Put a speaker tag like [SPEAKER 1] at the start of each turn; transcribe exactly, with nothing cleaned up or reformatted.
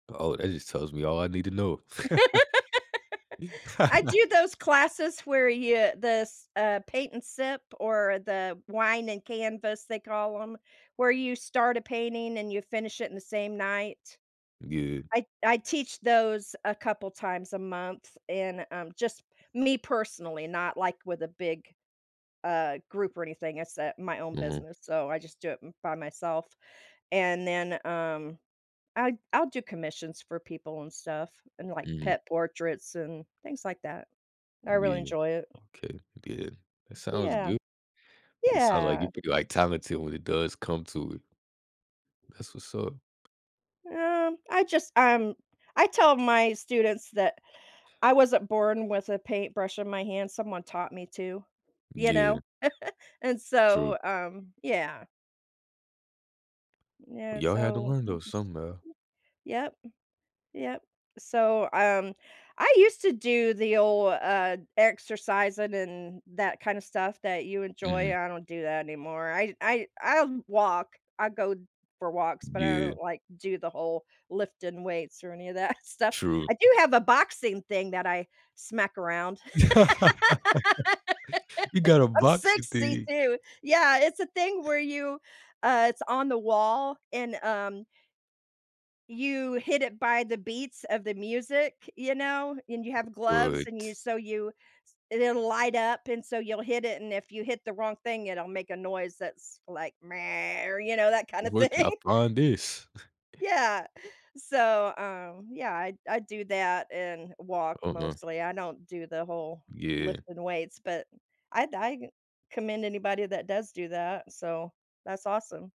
[SPEAKER 1] Oh, that just tells me all I need to know.
[SPEAKER 2] I do those classes where you the s uh, paint and sip or the wine and canvas they call 'em, where you start a painting and you finish it in the same night.
[SPEAKER 1] Good.
[SPEAKER 2] I I teach those a couple times a month, and, um, just me personally, not, like, with a big, uh, group or anything, it's, uh, my own
[SPEAKER 1] Mhm.
[SPEAKER 2] business, so I just do it m by myself, and then, um, then I I'll do commissions for people and stuff, and, like,
[SPEAKER 1] Mhm.
[SPEAKER 2] pet portraits and things like that. I really
[SPEAKER 1] Yeah.
[SPEAKER 2] enjoy it.
[SPEAKER 1] Okay, good. That sounds
[SPEAKER 2] Yeah.
[SPEAKER 1] good, it sounds like you
[SPEAKER 2] Yeah.
[SPEAKER 1] feel, like, talented when it does come to it. That's what's up.
[SPEAKER 2] Um I just um, I tell my students that I wasn't born with a paintbrush in my hand, someone taught me to, you
[SPEAKER 1] Yeah.
[SPEAKER 2] know? And
[SPEAKER 1] True.
[SPEAKER 2] so, um, yeah. Yeah,
[SPEAKER 1] Well, y'all had to
[SPEAKER 2] so,
[SPEAKER 1] learn,
[SPEAKER 2] I'm
[SPEAKER 1] though,
[SPEAKER 2] just
[SPEAKER 1] somewhere.
[SPEAKER 2] yep. Yep. So, um, I used to do the old, uh, exercising and that kinda stuff that you enjoy,
[SPEAKER 1] Mhm.
[SPEAKER 2] I don't do that anymore. I I I'll walk, I go for walks, but I
[SPEAKER 1] Yeah.
[SPEAKER 2] don't, like, do the whole lifting weights or any of that stuff.
[SPEAKER 1] True.
[SPEAKER 2] I do have a boxing thing that I smack around,
[SPEAKER 1] You got a
[SPEAKER 2] I'm
[SPEAKER 1] boxy
[SPEAKER 2] sixty
[SPEAKER 1] thing.
[SPEAKER 2] too, yeah, it's a thing where you, uh, it's on the wall and, um you hit it by the beats of the music, you know, and you have gloves and you
[SPEAKER 1] What?
[SPEAKER 2] so you s it'll light up and so you'll hit it and if you hit the wrong thing, it'll make a noise that's like or you know that kind of
[SPEAKER 1] Where'd y'all
[SPEAKER 2] thing.
[SPEAKER 1] find this?
[SPEAKER 2] Yeah. So, um, yeah, I I do that and walk
[SPEAKER 1] Uh-huh.
[SPEAKER 2] mostly, I don't do the whole
[SPEAKER 1] Yeah.
[SPEAKER 2] lifting weights but I I commend anybody that does do that, so that's awesome.